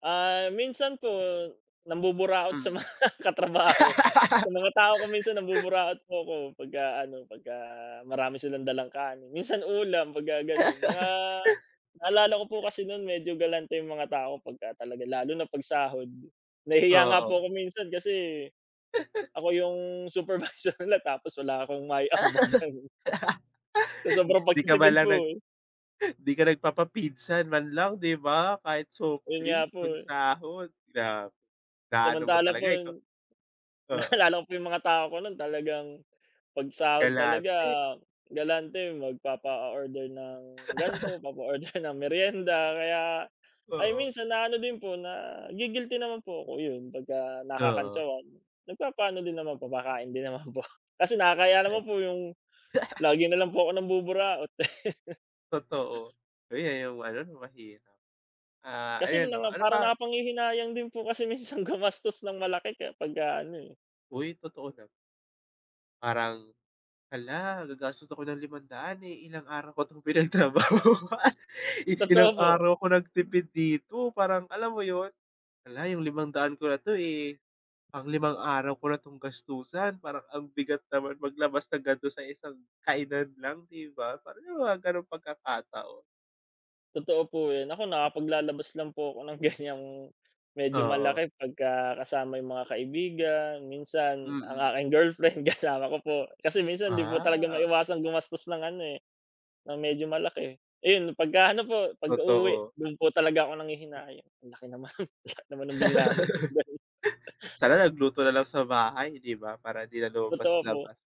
Ah, minsan po, nambuburaot sa Hmm. mga katrabaho. Sa mga tao ko minsan nambuburaot po ako pagka ano, pagka marami silang dalang kanin, minsan ulam pagka gano'n. Mga naalala ko po kasi no'n medyo galante yung mga tao pagka talaga lalo na 'pag sahod. Nahihiya nga Oo. po ako minsan kasi, ako yung supervisor nila tapos wala akong maiambag, ganun. Sa sobrang 'Di ka man pagtitipid lang po, nag eh. 'di ka nagpapa-pizza man lang 'di ba? Kahit soft Ayun nga drinks po. 'pag sahod, grabe, na ano mo Samantalang po talaga, ikaw yung oo. naalala ko po yung mga tao ko no'n talagang, 'pag sahod talaga, Galante. galante. Magpapa-order ng gan'to, papa-order ng meryenda, kaya ay Oo. minsan na ano din po, na-gi-guilty naman po ako, yun pagka Oo. nakakantsawan. Nagpapaano din naman, papakain din naman po. Kasi nakakahiya Eh. naman po yung lagi na lang po ako nambuburaot. Totoo. Ay, yan yung ano, yung mahirap. Ah, Kasi ayun yun na 'no, nga, ano parang pa nakapanghihinayang din po kasi minsan gumastos ng malaki pagka ano, eh. Hoy, totoo na. Parang hala! Gagastos ako ng 500, eh, ilang araw ko 'tong pinagtrabahuan. I Totoo ilang po. araw ako nagtipid dito, parang alam mo yun? Hala! Yung 500 ko na 'to, eh, pang 5 araw ko na 'tong gastusan, parang ang bigat naman maglabas na gan'to sa isang kainan lang, 'di ba? Parang yung mga gano'ng pagkakataon. Totoo po yun. Ako nakapaglalabas lang po ako ng ganyang, medyo Oo. malaki pagka kasama yung mga kaibigan, minsan ang Mm. aking girlfriend, kasama ko po. Kasi minsan 'di po talaga Ah. maiwasang gumastos ng ano, eh, ng medyo malaki. Ayun, pagka ano po, pagka uwi, Totoo. do'n po talaga ako nanghihinayang. Ay, ang laki naman, ang laki naman ng bill namin. Ba't ganon? Sana nagluto na lang sa bahay 'di ba? Para 'di na Totoo po. lumabas-labas.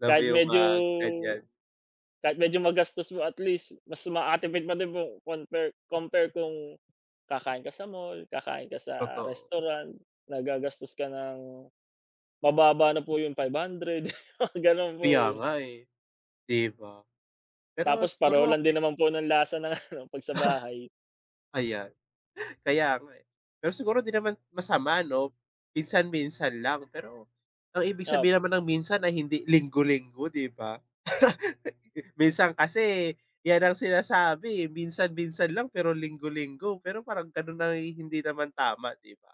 Alam mo Kahit yung mga medyo ganyan. kahit medyo magastos mo, at least mas makakatipid pa din po, conpare compare kung, kakain ka sa mall, kakain ka sa Totoo. restaurant, na gagastos ka ng mababa na po yung 500. Gano'n Kaya po, eh. nga, eh. 'Di ba? Pero Tapos siguro, pareho lang okey din naman po ng lasa ng ano 'pag sa bahay. Ayan. Kaya nga, eh. Pero siguro 'di naman masama 'no, minsan-minsan lang pero ang ibig sabihin Opo. naman ng minsan ay hindi linggo-linggo, 'di ba? Minsan kasi yan ang sinasabi, eh. Minsan, minsan lang pero linggo-linggo, pero parang gano'n ay hindi naman tama, 'di ba?